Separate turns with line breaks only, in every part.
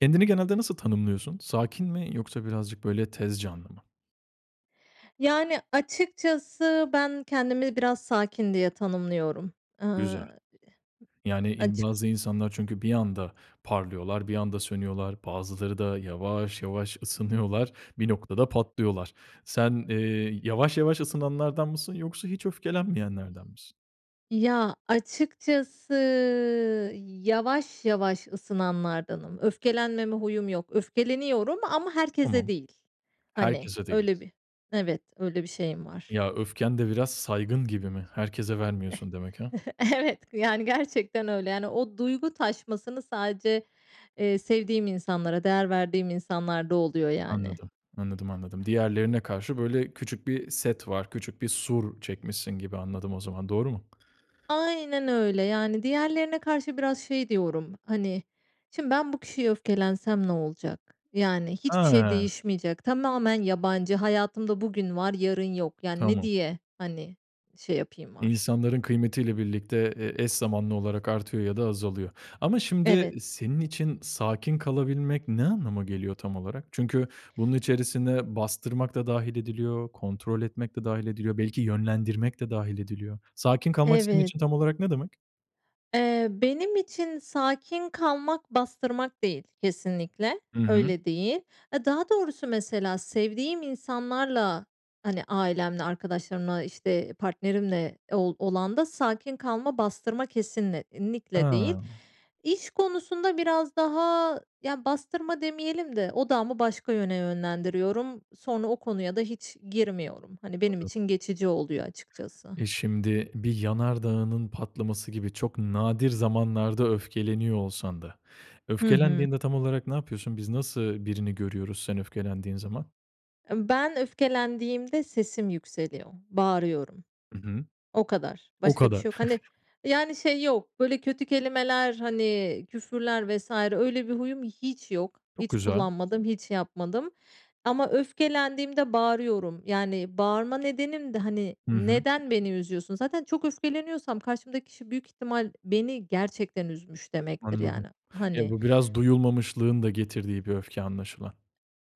Kendini genelde nasıl tanımlıyorsun? Sakin mi yoksa birazcık böyle tez canlı mı?
Yani açıkçası ben kendimi biraz sakin diye tanımlıyorum. Iıı, ı
Güzel.
ıh
Yani in
Açık
bazı insanlar çünkü bir anda parlıyorlar, bir anda sönüyorlar, bazıları da yavaş yavaş ısınıyorlar, bir noktada patlıyorlar. Sen, eee, yavaş yavaş ısınanlardan mısın yoksa hiç öfkelenmeyenlerden misin?
Ya, açıkçası yavaş yavaş ısınanlardanım. Öfkelenmeme huyum yok. Öfkeleniyorum ama herkese
Tamam.
değil. Hani,
Herkese değil.
öyle bir Evet, öyle bir şeyim var.
Ya, öfken de biraz saygın gibi mi, herkese vermiyorsun demek ha?
Evet, yani gerçekten öyle. Yani o duygu taşmasını sadece, eee, sevdiğim insanlara değer verdiğim insanlar da oluyor, yani.
Anladım. Anladım, anladım. Diğerlerine karşı böyle küçük bir set var, küçük bir sur çekmişsin gibi anladım o zaman, doğru mu?
Aynen öyle. Yani diğerlerine karşı biraz şey diyorum, hani, "Şimdi ben bu kişiye öfkelensem ne olacak? Yani hiçbir şey
A!
değişmeyecek. Tamamen yabancı. Hayatımda bugün var, yarın yok. Yani ne
Tamam.
diye, hani, şey yapayım?" [unintelligible]
İnsanların kıymetiyle birlikte, eee, eş zamanlı olarak artıyor ya da azalıyor. Ama şimdi
Evet.
senin için sakin kalabilmek ne anlama geliyor tam olarak? Çünkü bunun içerisinde bastırmak da dâhil ediliyor, kontrol etmek de dâhil ediliyor. Belki yönlendirmek de dâhil ediliyor. Sakin kalmak senin
Evet.
için tam olarak ne demek?
Eee, benim için sakin kalmak bastırmak değil kesinlikle.
I hı.
Öyle değil. Aaa, daha doğrusu mesela sevdiğim insanlarla, hani, ailemle, arkadaşlarımla, işte, partnerimle ol olan da sakin kalma, bastırma kesinlikle değil.
Ha.
İş konusunda biraz daha yani bastırma demeyelim de odağımı başka yöne yönlendiriyorum. Sonra o konuya da hiç girmiyorum. Hani, benim
[unintelligible]
için geçici oluyor açıkçası.
E, şimdi bir yanardağının patlaması gibi çok nadir zamanlarda öfkeleniyor olsan da
Hı hı.
öfkelendiğinde tam olarak ne yapıyorsun, biz nasıl birini görüyoruz sen öfkelendiğin zaman?
Imm, ben öfkelendiğimde sesim yükseliyor, bağırıyorum.
Hı hı.
O kadar.
O
Başka bir
kadar?
şey yok. Hani, yani şey yok, böyle, kötü kelimeler, hani, küfürler vs. öyle bir huyum hiç yok.
Çok
Hiç
güzel.
kullanmadım, hiç yapmadım. Ama öfkelendiğimde bağırıyorum. Yani bağırma nedenim de, hani,
Hı hı.
neden beni üzüyorsun? Zaten çok öfkeleniyorsam karşımdaki kişi büyük ihtimal beni gerçekten üzmüş demektir
Anladım.
yani,
Ya,
hani
bu biraz duyulmamışlığın da getirdiği bir öfke anlaşılan.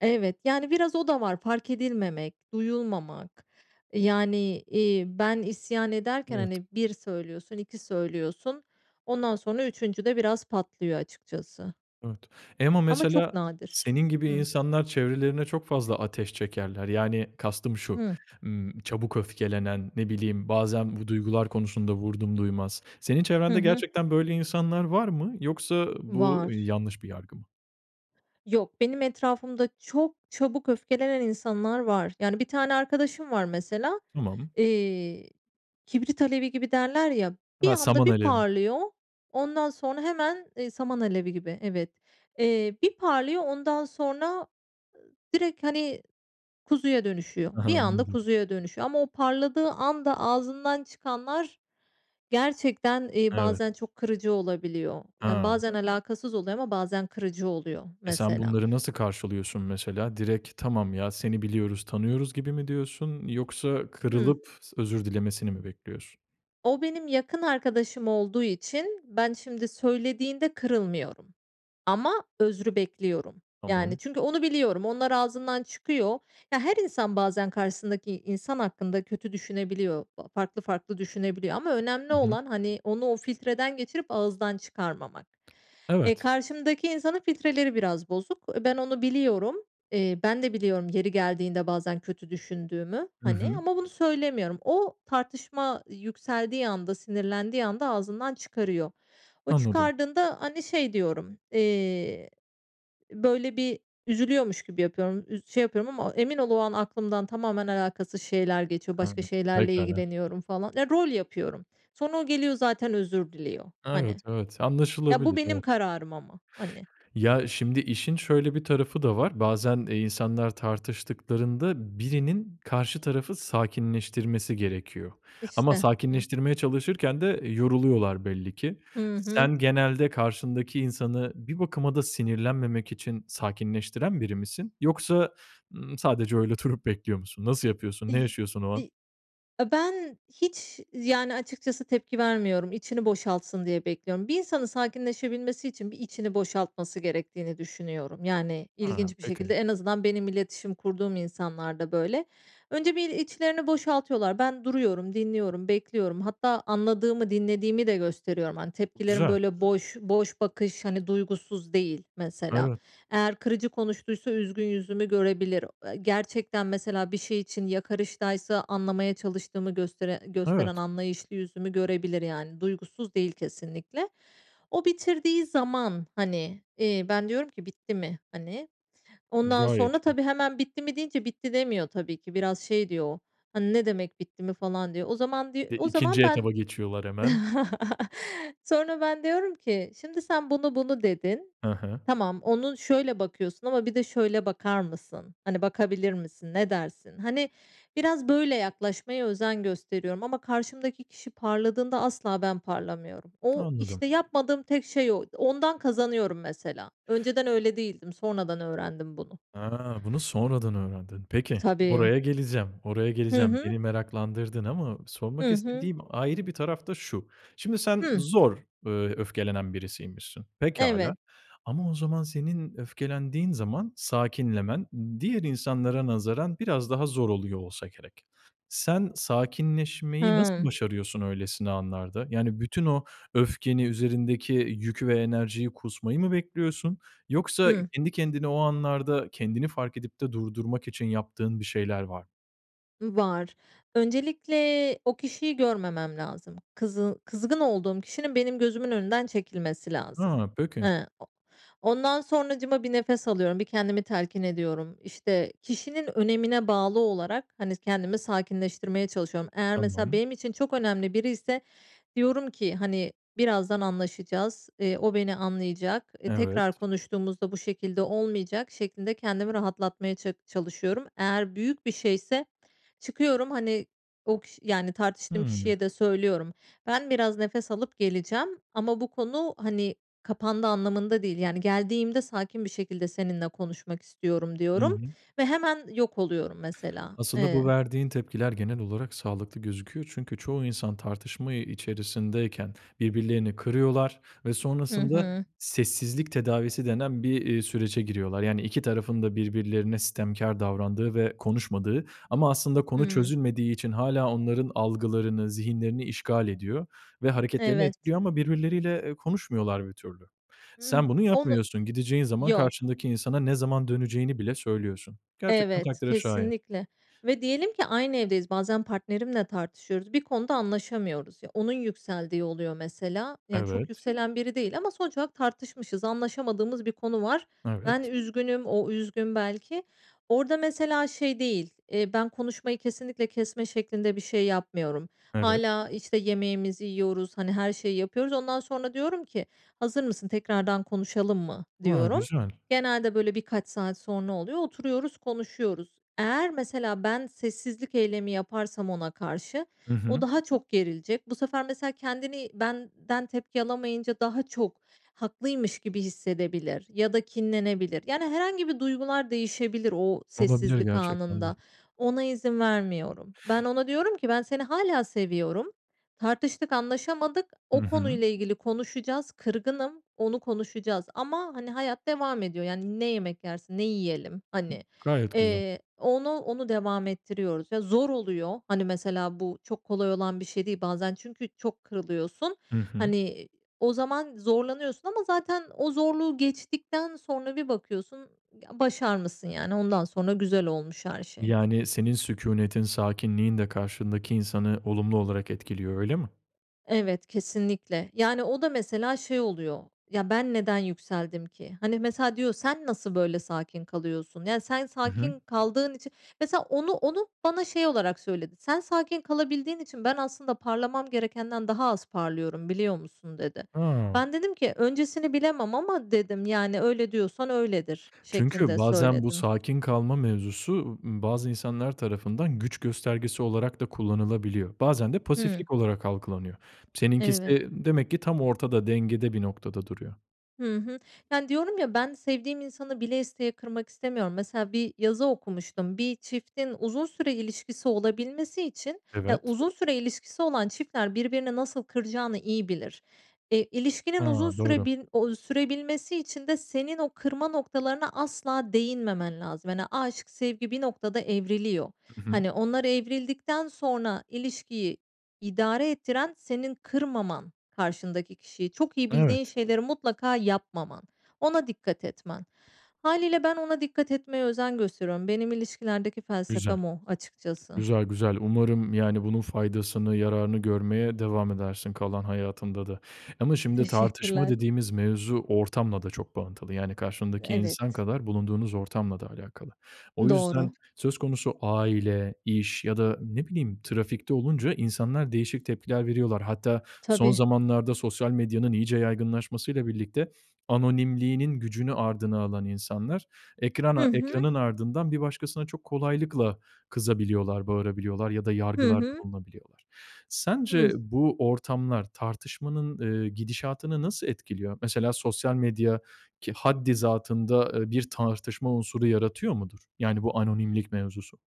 Evet. Yani biraz o da var fark edilmemek, duyulmamak. Yani, iii, ben isyan ederken,
Evet.
hani, 1 söylüyorsun, 2 söylüyorsun, ondan sonra 3. de biraz patlıyor açıkçası.
Evet. E, ama
Ama çok
mesela
nadir.
senin gibi
Hıı.
insanlar çevrelerine çok fazla ateş çekerler. Yani kastım şu,
Hıh.
ımm, çabuk öfkelenen, ne bileyim, bazen bu duygular konusunda vurdumduymaz. Senin
Hı
çevrende
hı.
gerçekten böyle insanlar var mı yoksa bu
Var.
yanlış bir yargı mı?
Yok, benim etrafımda çok çabuk öfkelenen insanlar var. Yani bir tane arkadaşım var mesela.
Tamam.
Eee, kibrit alevi gibi derler ya, bir
Ha,
anda
saman
bir
alevi.
parlıyor, ondan sonra hemen, iii, saman alevi gibi, evet. Eee, bir parlıyor, ondan sonra, ııı, direkt, hani, kuzuya dönüşüyor.
Ha ha,
Bir anda
anladım.
kuzuya dönüşüyor ama o parladığı anda ağzından çıkanlar gerçekten, iii,
Evet.
bazen çok kırıcı olabiliyor. Yani
Ha.
bazen alakasız oluyor ama bazen kırıcı oluyor
E, sen
mesela.
bunları nasıl karşılıyorsun mesela? Direkt, "Tamam ya, seni biliyoruz, tanıyoruz." gibi mi diyorsun, yoksa
Hıh.
kırılıp s özür dilemesini mi bekliyorsun?
O benim yakın arkadaşım olduğu için ben şimdi söylediğinde kırılmıyorum ama özrü bekliyorum. Yani
Tamam.
çünkü onu biliyorum. Onlar ağzından çıkıyor. Ya, her insan bazen karşısındaki insan hakkında kötü düşünebiliyor. Aaa, farklı farklı düşünebiliyor ama önemli
I hı.
olan, hani, onu o filtreden geçirip ağızdan çıkarmamak. E,
Evet.
karşımdaki insanın filtreleri biraz bozuk. E, ben onu biliyorum. Eee, ben de biliyorum yeri geldiğinde bazen kötü düşündüğümü,
I
hani,
hı.
ama bunu söylemiyorum. O tartışma yükseldiği anda, sinirlendiği anda ağzından çıkarıyor. O
Anladım.
çıkardığında, hani, şey diyorum, eee, böyle bir üzülüyormuş gibi yapıyorum, üz şey yapıyorum ama emin ol o an aklımdan tamamen alakasız şeyler geçiyor, başka
Anladım,
şeylerle
pekâlâ.
ilgileniyorum falan. Ya, rol yapıyorum. Sonra o geliyor zaten özür diliyor. Hani.
Evet, evet,
Ya, bu
anlaşılabilir,
benim
evet.
kararım ama, hani.
Ya, şimdi işin şöyle bir tarafı da var; bazen, eee, insanlar tartıştıklarında birinin karşı tarafı sakinleştirmesi gerekiyor. Ama
İşte. Hıh.
sakinleştirmeye çalışırken de yoruluyorlar belli ki.
Hı hı.
Sen genelde karşındaki insanı bir bakıma da sinirlenmemek için sakinleştiren biri misin? Yoksa, ımm, sadece öyle durup bekliyor musun? Nasıl yapıyorsun? Ne
İy
yaşıyorsun o an?
İ A, ben hiç yani açıkçası tepki vermiyorum, içini boşaltsın diye bekliyorum. Bir insanın sakinleşebilmesi için bir içini boşaltması gerektiğini düşünüyorum. Yani
Ha,
ilginç bir şekilde.
peki.
En azından benim iletişim kurduğum insanlarda böyle. Önce bir içlerini boşaltıyorlar. Ben duruyorum, dinliyorum, bekliyorum. Hatta anladığımı, dinlediğimi de gösteriyorum. Hani, tepkilerim,
Güzel.
böyle, boş boş bakış, hani, duygusuz değil mesela.
Evet.
Eğer kırıcı konuştuysa üzgün yüzümü görebilir. Eee, gerçekten mesela bir şey için yakarıştaysa anlamaya çalıştığımı göstere gösteren
Evet.
anlayışlı yüzümü görebilir yani. Duygusuz değil kesinlikle. O bitirdiği zaman, hani, iii, ben diyorum ki "Bitti mi?" hani. Ondan
Gayet
sonra
iyi.
tabii, hemen bitti mi deyince bitti demiyor tabii ki. Biraz şey diyor o, hani, "Ne demek bitti mi?" falan diyor. O zaman diy
E,
o zaman
2. etaba
ben
geçiyorlar hemen.
Sonra ben diyorum ki "Şimdi sen, 'bunu bunu.' dedin.
Hı hı.
Tamam, onu şöyle bakıyorsun ama bir de şöyle bakar mısın? Hani, bakabilir misin, ne dersin?" Hani, biraz böyle yaklaşmaya özen gösteriyorum. Ama karşımdaki kişi parladığında asla ben parlamıyorum. O,
Anladım.
işte, yapmadığım tek şey o. Ondan kazanıyorum mesela. Önceden öyle değildim. Sonradan öğrendim bunu.
Ha! Bunu sonradan öğrendin. Peki,
Tabii.
oraya geleceğim, oraya
Hı
geleceğim.
hı.
Beni meraklandırdın ama sormak
Hı hı.
istediğim ayrı bir taraf da şu; şimdi sen
Hıh.
zor, aaa, öfkelenen birisiymişsin.
Eve
Pekâlâ. Ama o zaman senin öfkelendiğin zaman sakinlemen diğer insanlara nazaran biraz daha zor oluyor olsa gerek. Sen sakinleşmeyi nasıl
Hıı.
başarıyorsun öylesine anlarda? Yani bütün o öfkeni üzerindeki yük ve enerjiyi kusmayı mı bekliyorsun? Yoksa
Hıı.
kendi kendine o anlarda kendini fark edip de durdurmak için yaptığın bir şeyler var
Iıı, var. Öncelikle o kişiyi görmemem lazım. Kızı kızgın olduğum kişinin benim gözümün önünden çekilmesi lazım.
Ha, peki.
He, o ondan sonracığıma bir nefes alıyorum, bir kendimi telkin ediyorum. İşte, kişinin önemine bağlı olarak, hani, kendimi sakinleştirmeye çalışıyorum. Eğer mesela
Tamam.
benim için çok önemli biriyse diyorum ki, hani, "Birazdan anlaşacağız, eee, o beni anlayacak, tekrar
Evet.
konuştuğumuzda bu şekilde olmayacak." şeklinde kendimi rahatlatmaya ça çalışıyorum. Eğer büyük bir şeyse çıkıyorum, hani, o kiş yani tartıştığım
Hıı.
kişiye de söylüyorum. "Ben biraz nefes alıp geleceğim ama bu konu, hani, kapandı anlamında değil. Yani geldiğimde sakin bir şekilde seninle konuşmak istiyorum."
Hı
diyorum
hı.
ve hemen yok oluyorum mesela,
Aslında bu
eee
verdiğin tepkiler genel olarak sağlıklı gözüküyor. Çünkü çoğu insan tartışma, ııı, içerisindeyken birbirlerini kırıyorlar ve
Hı
sonrasında
hı.
sessizlik tedavisi denen bir, iii, sürece giriyorlar. Yani iki tarafın da birbirlerine sitemkâr davrandığı ve konuşmadığı ama aslında konu
Hıı.
çözülmediği için hâlâ onların algılarını, zihinlerini işgal ediyor ve hareketlerini
Evet.
etkiliyor ama birbirleriyle, eee, konuşmuyorlar bir türlü.
Hıh,
Sen bunu
onu
yapmıyorsun. Gideceğin zaman
Yok.
karşındaki insana ne zaman döneceğini bile söylüyorsun. Gerçekten
Evet,
takdire şayan.
kesinlikle. Ve diyelim ki aynı evdeyiz, bazen partnerimle tartışıyoruz. Bir konuda anlaşamıyoruz. Ya, onun yükseldiği oluyor mesela. Ya, çok
Evet.
yükselen biri değil ama sonuç olarak tartışmışız, anlaşamadığımız bir konu var. Ben
Evet.
üzgünüm, o üzgün belki. Orada mesela şey değil, iii, ben konuşmayı kesinlikle kesme şeklinde bir şey yapmıyorum.
Evet.
Hâlâ, işte, yemeğimizi yiyoruz, hani, her şeyi yapıyoruz. Ondan sonra diyorum ki "Hazır mısın? Tekrardan konuşalım mı?"
A,
diyorum.
güzel.
Genelde böyle birkaç saat sonra oluyor. Oturuyoruz, konuşuyoruz. Eğer mesela ben sessizlik eylemi yaparsam ona karşı
I
o
hı.
daha çok gerilecek. Bu sefer mesela kendini benden tepki alamayınca daha çok haklıymış gibi hissedebilir ya da kinlenebilir. Yani herhangi bir duygular değişebilir o
Olabilir,
sessizlik
gerçekten de.
anında. Ona izin vermiyorum. Ben ona diyorum ki "Ben seni hâlâ seviyorum. Tartıştık, anlaşamadık.
I
O
hı.
konuyla ilgili konuşacağız. Kırgınım. Onu konuşacağız ama, hani, hayat devam ediyor." Yani, "Ne yemek yersin, ne yiyelim?"
Hı
Hani.
Gayet güzel.
Eee, onu, onu devam ettiriyoruz ve zor oluyor. Hani, mesela bu çok kolay olan bir şey değil bazen. Çünkü çok kırılıyorsun.
I hı.
Hani, o zaman zorlanıyorsun ama zaten o zorluğu geçtikten sonra bir bakıyorsun, ya, başarmışsın yani ondan sonra güzel olmuş her şey.
Yani senin sükûnetin, sakinliğin de karşındaki insanı olumlu olarak etkiliyor, öyle mi?
Evet, kesinlikle. Yani o da mesela şey oluyor; ya, ben neden yükseldim ki? Hani, mesela diyor, "Sen nasıl böyle sakin kalıyorsun?" Yani sen
I hı.
sakin kaldığın içi Mesela onu onu bana şey olarak söyledi. "Sen sakin kalabildiğin için ben aslında parlamam gerekenden daha az parlıyorum, biliyor musun?" dedi.
Ha.
Ben dedim ki "Öncesini bilemem ama" dedim, "Yani öyle diyorsan öyledir."
Çünkü
şeklinde
bazen bu
söyledim.
sakin kalma mevzusu, ımm, bazı insanlar tarafından güç göstergesi olarak da kullanılabiliyor, bazen de
Hıı.
pasiflik olarak algılanıyor.
Eve
Seninkisi demek ki tam ortada, dengede bir noktada duruyor.
Hı hı. Yani, diyorum, ya, ben sevdiğim insanı bile isteye kırmak istemiyorum. Mesela bir yazı okumuştum. Bir çiftin uzun süre ilişkisi olabilmesi için, ya,
Evet.
uzun süre ilişkisi olan çiftler birbirini nasıl kıracağını iyi bilir. Eee, ilişkinin uzun
Ha,
süre
doğru.
bin ooo, sürebilmesi için de senin o kırma noktalarına asla değinmemen lazım. Hani, aşk, sevgi bir noktada evriliyor.
Hı hı.
Hani, onlar evrildikten sonra, ilişkiyi idare ettiren senin kırmaman karşındaki kişiyi. Çok iyi bildiğin
Evet.
şeyleri, mutlaka yapmaman. Ona dikkat etmen. Hâliyle ben ona dikkat etmeye özen gösteriyorum. Benim ilişkilerdeki
Güzel.
felsefem o, açıkçası.
Güzel güzel. Umarım, yani, bunun faydasını, yararını görmeye devam edersin kalan hayatında da ama şimdi tartışma
Teşekkürler.
dediğimiz mevzu, ortamla da çok bağlantılı. Yani, karşındaki insan
Evet.
kadar, bulunduğunuz ortamla da alakalı. O
Doğru.
yüzden, söz konusu aile, iş ya da ne bileyim trafikte olunca, insanlar değişik tepkiler veriyorlar. Hatta son
Tabii.
zamanlarda sosyal medyanın iyice yaygınlaşmasıyla birlikte, anonimliğinin gücünü ardına alan insanlar
Hı
ekrana
hı.
ekranının ardından bir başkasına çok kolaylıkla kızabiliyorlar, bağırabiliyorlar ya da
Hı
yargılarda
hı.
bulunabiliyorlar. Sence
Hıh.
bu ortamlar tartışmanın, eee, gidişatını nasıl etkiliyor? Mesela sosyal medya ki haddizatında, eee, bir tartışma unsuru yaratıyor mudur? Yani, bu anonimlik mevzusu.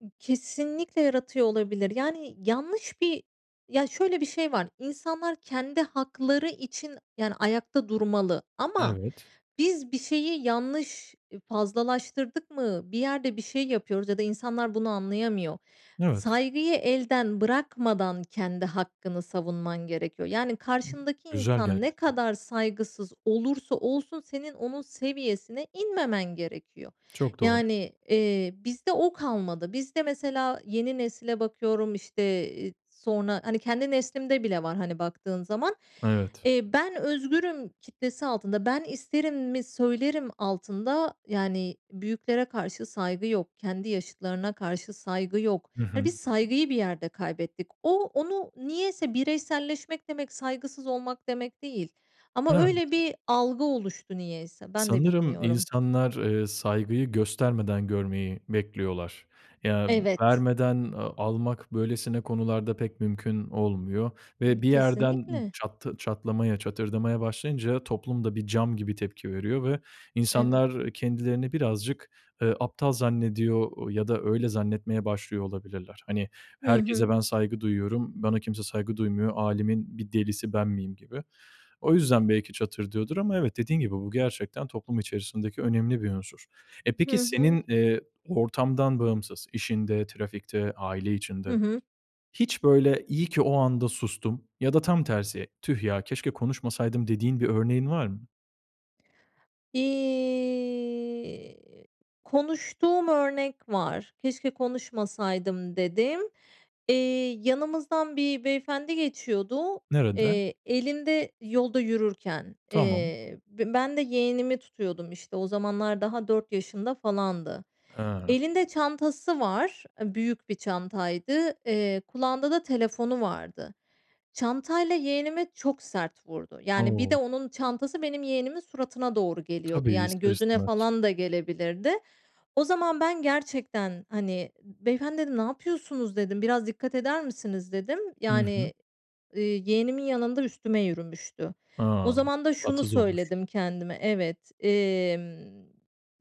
I kesinlikle yaratıyor olabilir. Yani, yanlış bir Ya, şöyle bir şey var. İnsanlar kendi hakları için, yani, ayakta durmalı ama
Evet.
biz bir şeyi yanlış i fazlalaştırdık mı, bir yerde bir şey yapıyoruz ya da insanlar bunu anlayamıyor.
Evet.
Saygıyı elden bırakmadan kendi hakkını savunman gerekiyor. Yani, karşındaki
Güzel
insan ne
gerçekten.
kadar saygısız olursa olsun, senin onun seviyesine inmemen gerekiyor.
Çok doğru.
Yani, eee, bizde o kalmadı. Bizde mesela, yeni nesile bakıyorum, işte, eee, sonra Hani kendi neslimde bile var, hani baktığın zaman.
Evet.
Eee, ben özgürüm kitlesi altında "Ben isterimi söylerim." altında yani büyüklere karşı saygı yok. Kendi yaşıtlarına karşı saygı yok.
Hı
Ya,
hı.
biz saygıyı bir yerde kaybettik. O onu niyeyse bireyselleşmek demek, saygısız olmak demek değil. Ama
Evet.
öyle bir algı oluştu, niyeyse. Ben de
Sanırım
bilmiyorum.
insanlar, eee, saygıyı göstermeden görmeyi bekliyorlar. Ya,
Evet.
vermeden, eee, almak böylesine konularda, pek mümkün olmuyor
Imm,
ve bir yerden ı
kesinlikle.
çattı çatlamaya, çatırdamaya başlayınca, toplum da bir cam gibi tepki veriyor ve
Evet.
insanlar kendilerini birazcık, eee, aptal zannediyor, ııı, ya da öyle zannetmeye başlıyor olabilirler. Hani
Hı
herkese
hı.
ben saygı duyuyorum, bana kimse saygı duymuyor, "Âlemin bir delisi ben miyim?" gibi. O yüzden, belki çatırdıyordur ama evet, dediğin gibi bu gerçekten toplum içerisindeki önemli bir unsur. E, peki,
Hı hı.
senin, eee, ortamdan bağımsız, işinde, trafikte, aile
Hı
içinde
hı.
hiç, böyle, "İyi ki o anda sustum." ya da tam tersi, "Tüh ya, keşke konuşmasaydım." dediğin bir örneğin var mı?
İii, konuştuğum örnek var. "Keşke konuşmasaydım." dediğim. İii, yanımızdan bir beyefendi geçiyordu,
Nerede?
eee, elinde yolda yürürken.
Tamam.
Eee, b ben de yeğenimi tutuyordum, işte, o zamanlar daha 4 yaşında falandı.
Hıı.
Elinde çantası var, eee, büyük bir çantaydı. Eee, kulağında da telefonu vardı. Çantayla yeğenime çok sert vurdu. Yani, bir de
O!
onun çantası benim yeğenimin suratına doğru geliyordu.
Tabii,
Yani,
ister
gözüne
istemez.
falan da gelebilirdi. O zaman ben gerçekten, hani, "Beyefendi" dedim "Ne yapıyorsunuz?" dedim. "Biraz dikkat eder misiniz?" dedim.
Hı hı.
Yani, ııı, yeğenimin yanında üstüme yürümüştü. O
A!
zaman da şunu
Tatsız olmuş.
söyledim kendime, evet, emm,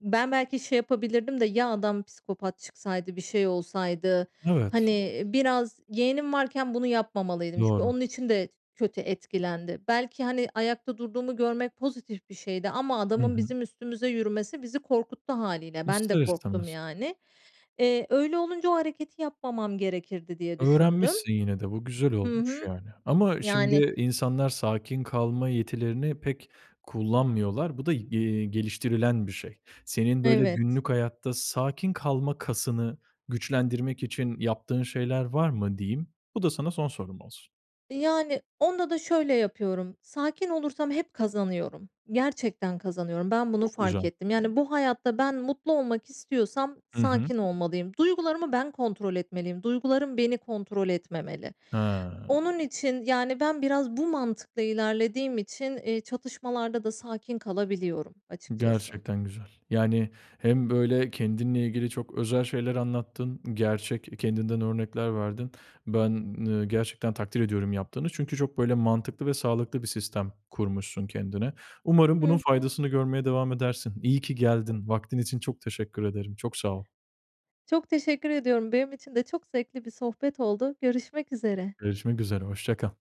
ben belki şey yapabilirdim de ya, adam psikopat çıksaydı, bir şey olsaydı.
Evet.
Hani, biraz yeğenim varken bunu yapmamalıydım. Çünkü
Doğru.
onun için de kötü etkilendi. Belki, hani, ayakta durduğumu görmek pozitif bir şeydi ama
Hı
adamın
hı.
bizim üstümüze yürümesi, bizi korkuttu hâliyle. Ben de
İster
korktum
istemez.
yani. Eee, öyle olunca o hareketi yapmamam gerekirdi diye düşündüm.
Öğrenmişsin yine de. Bu güzel
Hı
olmuş
hı.
yani ama
Yani
şimdi, insanlar sakin kalma yetilerini pek kullanmıyorlar. Bu da, y iii, geliştirilen bir şey. Senin böyle,
Evet.
günlük hayatta sakin kalma kasını, güçlendirmek için yaptığın şeyler var mı diyeyim, bu da sana son sorum olsun.
Yani, onda da şöyle yapıyorum; sakin olursam hep kazanıyorum. Gerçekten kazanıyorum. Ben bunu
Çok
fark
güzel.
ettim. Yani, bu hayatta ben mutlu olmak istiyorsam
Hı hı.
sakin olmalıyım. Duygularımı ben kontrol etmeliyim. Duygularım beni kontrol etmemeli.
He.
Onun için, yani ben biraz bu mantıkla ilerlediğim için, iii, çatışmalarda da sakin kalabiliyorum açıkçası.
Gerçekten güzel. Yani, hem böyle kendinle ilgili çok özel şeyler anlattın. Gerçek, kendinden örnekler verdin. Ben, eee, gerçekten takdir ediyorum yaptığını, çünkü çok böyle mantıklı ve sağlıklı bir sistem kurmuşsun kendine. Umarım
Hı
bunun
hı.
faydasını görmeye devam edersin. İyi ki geldin. Vaktin için çok teşekkür ederim, çok sağ ol.
Çok teşekkür ediyorum. Benim için de çok zevkli bir sohbet oldu. Görüşmek üzere.
Görüşmek üzere, hoşça kal.